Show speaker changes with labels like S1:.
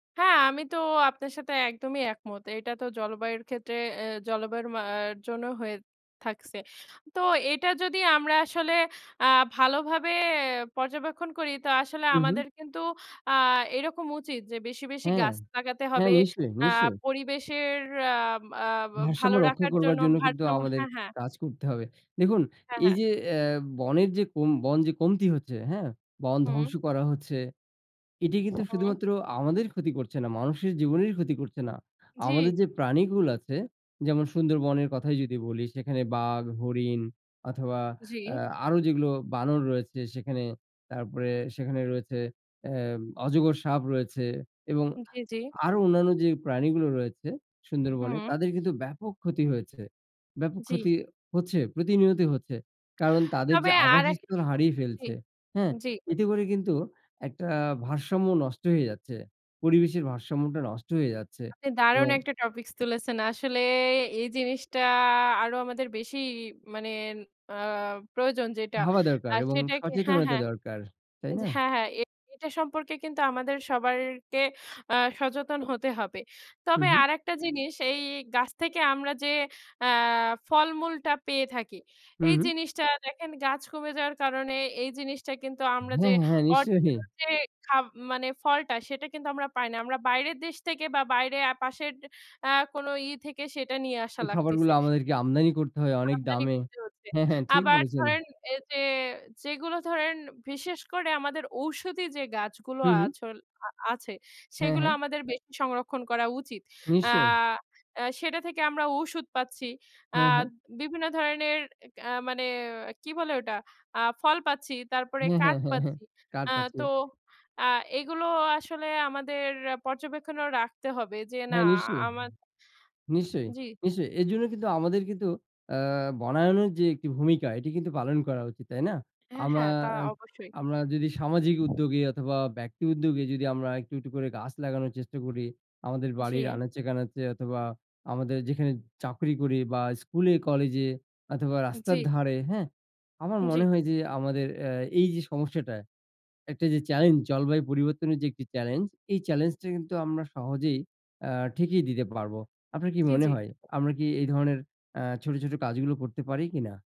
S1: হ্যাঁ, আমি তো আপনার সাথে একদমই একমত। এটা তো জলবায়ুর ক্ষেত্রে, এ জলবায়ুর মা জন্য হয়ে থাকছে। তো এটা যদি আমরা আসলে, অ্যা ভালোভাবে পর্যবেক্ষণ করি। তো আসলে
S2: হু, হু।
S1: আমাদের কিন্তু, অ্যা এরকম উচিত যে বেশি, বেশি
S2: হ্যাঁ।
S1: গাছ লাগাতে
S2: হ্যাঁ,
S1: হবে।
S2: নিশ্চয়ই।
S1: অ্যা
S2: নিশ্চয়ই।
S1: পরিবেশের, অ্যা ব অ্যা
S2: ভারসাম্য
S1: ভালো
S2: রক্ষা
S1: রাখার
S2: করবার
S1: জন্য,
S2: জন্য কিন্তু,
S1: ভারসাম্য
S2: আমাদের
S1: হ্যাঁ, হ্যাঁ।
S2: কাজ করতে হবে। দেখুন,
S1: হ্যাঁ, হ্যাঁ।
S2: এইযে অ্যা বনের যে কোন, বন যে কমতি হচ্ছে, হ্যাঁ? বন
S1: হুম।
S2: ধ্বংস করা হচ্ছে, এটি কিন্তু
S1: হুম।
S2: শুধুমাত্র আমাদের ক্ষতি করছে না, মানুষের জীবনেরই ক্ষতি করছে না।
S1: জি।
S2: আমাদের যে প্রাণীকুল আছে, যেমন সুন্দরবনের কথাই যদি বলি। সেখানে বাঘ, হরিণ অথবা
S1: জি।
S2: অ্যা আরো যেগুলো বানর রয়েছে সেখানে, তারপরে সেখানে রয়েছে অ্যা অজগর সাপ রয়েছে, এবং
S1: জি, জি।
S2: আরো অন্যান্য যে প্রাণীগুলো রয়েছে সুন্দরবনে,
S1: হুম।
S2: তাদের কিন্তু ব্যাপক ক্ষতি হয়েছে। ব্যাপক
S1: জি।
S2: ক্ষতি হচ্ছে, প্রতিনিয়তই হচ্ছে। কারণ, তাদের যে
S1: তবে আর এক
S2: আবাসস্থল হারিয়ে
S1: জি।
S2: ফেলছে, হ্যাঁ?
S1: জি।
S2: এতে করে কিন্তু একটা ভারসাম্য নষ্ট হয়ে যাচ্ছে। পরিবেশের ভারসাম্যটা নষ্ট হয়ে যাচ্ছে
S1: আপনি দারুণ
S2: এবং
S1: একটা topics তুলেছেন। আসলে এই জিনিসটা আরও আমাদের বেশিই মানে, অ্যা প্রয়োজন যেটা।
S2: ভাবা দরকার
S1: আর
S2: এবং
S1: সেটাকে হ্যাঁ,
S2: সচেতনতা
S1: হ্যাঁ
S2: দরকার। তাই
S1: ওইযে
S2: না?
S1: হ্যাঁ, হ্যাঁ। এটা সম্পর্কে কিন্তু আমাদের সবাইকে অ্যা সচেতন হতে হবে।
S2: হু,
S1: তবে
S2: হু।
S1: আরেকটা জিনিস এই গাছ থেকে আমরা যে অ্যা ফলমূলটা পেয়ে থাকি।
S2: হু,
S1: এই
S2: হুম।
S1: জিনিসটা দেখেন গাছ কমে যাওয়ার কারণে এই জিনিসটা কিন্তু আমরা যে
S2: হ্যাঁ, হ্যাঁ, হ্যাঁ। নিশ্চয়ই।
S1: original যে, খা মানে ফলটা সেটা কিন্তু আমরা পাই না। আমরা বাইরের দেশ থেকে বা বাইরে পাশের, অ্যা কোনো ই থেকে সেটা নিয়ে আসা
S2: এই
S1: লাগতিছে।
S2: খাবারগুলো আমাদেরকে আমদানি করতে হয় অনেক
S1: আমদানি
S2: দামে।
S1: করতে হচ্ছে।
S2: হ্যাঁ, হ্যাঁ, ঠিক
S1: আবার
S2: বলেছেন।
S1: ধরেন, এইযে যেগুলো ধরেন বিশেষ করে আমাদের ঔষধি যে গাছগুলো
S2: হু, হু।
S1: আছল আ আছে,
S2: হ্যাঁ,
S1: সেগুলো
S2: হ্যাঁ।
S1: আমাদের বেশি সংরক্ষণ করা উচিত। অ্যা
S2: নিশ্চয়ই।
S1: আ সেটা থেকে আমরা ঔষধ পাচ্ছি। অ্যা
S2: হ্যাঁ, হ্যাঁ।
S1: বিভিন্ন ধরনের, এ মানে কি বলে ওটা? অ্যা ফল পাচ্ছি। তারপরে
S2: হ্যাঁ,
S1: কাঠ
S2: হ্যাঁ, হ্যাঁ, হ্যাঁ।
S1: পাচ্ছি।
S2: কার
S1: অ্যা
S2: পাচ্ছে।
S1: তো অ্যা এগুলো আসলে আমাদের পর্যবেক্ষণেও রাখতে হবে। যে না
S2: হ্যাঁ, নিশ্চয়ই,
S1: আমার
S2: নিশ্চয়ই,
S1: জি।
S2: নিশ্চয়ই। এজন্য কিন্তু আমাদের কিন্তু অ্যা বনায়নের যে একটি ভূমিকা এটি কিন্তু পালন করা উচিত, তাই না?
S1: হ্যাঁ,
S2: আমরা,
S1: হ্যাঁ, তা
S2: আ
S1: অবশ্যই।
S2: আমরা যদি সামাজিক উদ্যোগে অথবা ব্যক্তি উদ্যোগে যদি আমরা একটু, একটু করে গাছ লাগানোর চেষ্টা করি, আমাদের বাড়ির
S1: জি।
S2: আনাচে কানাচে অথবা আমাদের যেখানে চাকরি করি বা স্কুলে কলেজে অথবা
S1: জি।
S2: রাস্তার ধারে। হ্যাঁ? আমার
S1: জি।
S2: মনে হয় যে। আমাদের অ্যা এই যে সমস্যাটা, একটা যে challenge, জলবায়ু পরিবর্তনের যে একটি challenge, এই challenge টা কিন্তু আমরা সহজেই অ্যা ঠেকিয়ে দিতে পারব। আপনার কি
S1: জি,
S2: মনে
S1: জি।
S2: হয়? আমরা কি এই ধরনের অ্যা ছোট, ছোট কাজগুলো করতে পারি কি না?